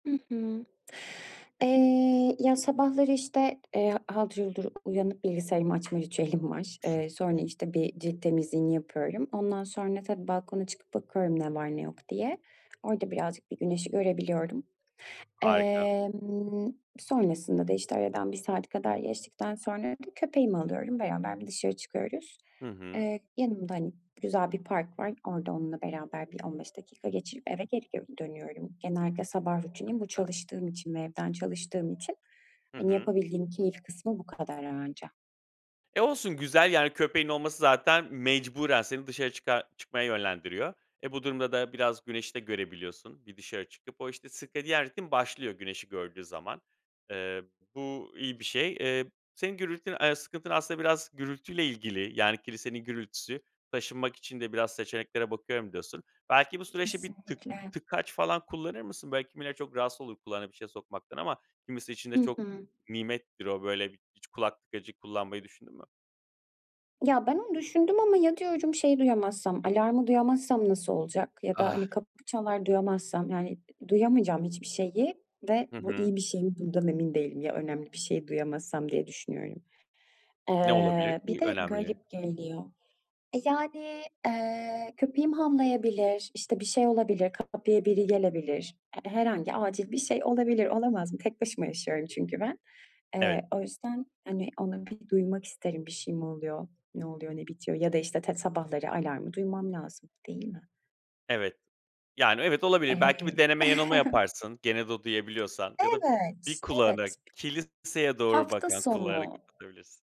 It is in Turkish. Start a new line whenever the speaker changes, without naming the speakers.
Hı hı. Eee, ya, sabahları, işte, eee haldır huldur uyanıp bilgisayarımı açma ritüelim var. Eee,
I hı.
sonra, işte, bir cilt temizliğini yapıyorum. Ondan sonra tabii balkona çıkıp bakıyorum ne var ne yok diye. Orada birazcık bir güneşi görebiliyorum.
Harika.
Emm, sonrasında da, işte, aradan 1 saat kadar geçtikten sonra bir köpeğimi alıyorum, beraber bir dışarı çıkıyoruz.
Hı hı.
Eee, yanımda, hani, güzel bir park var. Orada onunla beraber bir 15 dakika geçirip eve geri gö dönüyorum. Genellikle sabah rutinim
Çok
bu.
güzel.
Çalıştığım için ve evden çalıştığım için,
Hı
hani,
hı.
yapabildiğim keyif kısmı bu kadar anca.
E, olsun güzel, yani, köpeğin olması zaten mecburen seni dışarı çıkar çıkmaya yönlendiriyor. E, bu durumda da biraz güneşi de görebiliyorsun bir dışarı çıkıp. O, işte, sirkadiyen ritim başlıyor güneşi gördüğü zaman. Eee, bu iyi bir şey. Eee, senin gürültün eee, sıkıntın aslında biraz gürültüyle ilgili. Yani kilisenin gürültüsü, taşınmak için de biraz seçeneklere bakıyorum, diyorsun. Belki bu süreçte bir tık
Kesinlikle.
tıkaç falan kullanır mısın? Böyle, kimileri çok rahatsız olur kulağına bir şeye sokmaktan ama kimisi için de
Hı
çok
hı.
nimettir o, böyle, hiç kulak tıkacı kullanmayı düşündün mü?
Ya, ben onu düşündüm ama ya, diyorum şey duyamazsam, alarmı duyamazsam nasıl olacak ya da,
Ah.
hani, kapı çalar duyamazsam, yani, ı duyamayacağım hiçbir şeyi ve
Hı
bu
hı.
iyi bir şey mi bundan emin değilim. Ya önemli bir şeyi duyamazsam diye düşünüyorum.
Ne olabilir
Eee, bir
ki
de
önemli?
garip geliyor. E, yani, eee, köpeğim havlayabilir, işte, bir şey olabilir, kapıya biri gelebilir. H herhangi acil bir şey olabilir, olamaz mı? Tek başıma yaşıyorum çünkü ben.
Evet.
Eee, o yüzden, hani, onu bir duymak isterim bir şey mi oluyor, ne oluyor, ne bitiyor ya da işte tet sabahları alarmı duymam lazım, değil mi?
Evet, yani, evet olabilir. Belki bir
Eee
deneme yanılma yaparsın, gene de duyabiliyorsan ya da 1
Evet.
kulağını,
Evet.
kiliseye doğru
Hafta
bakan kulağını
sonu.
kapatabilirsin.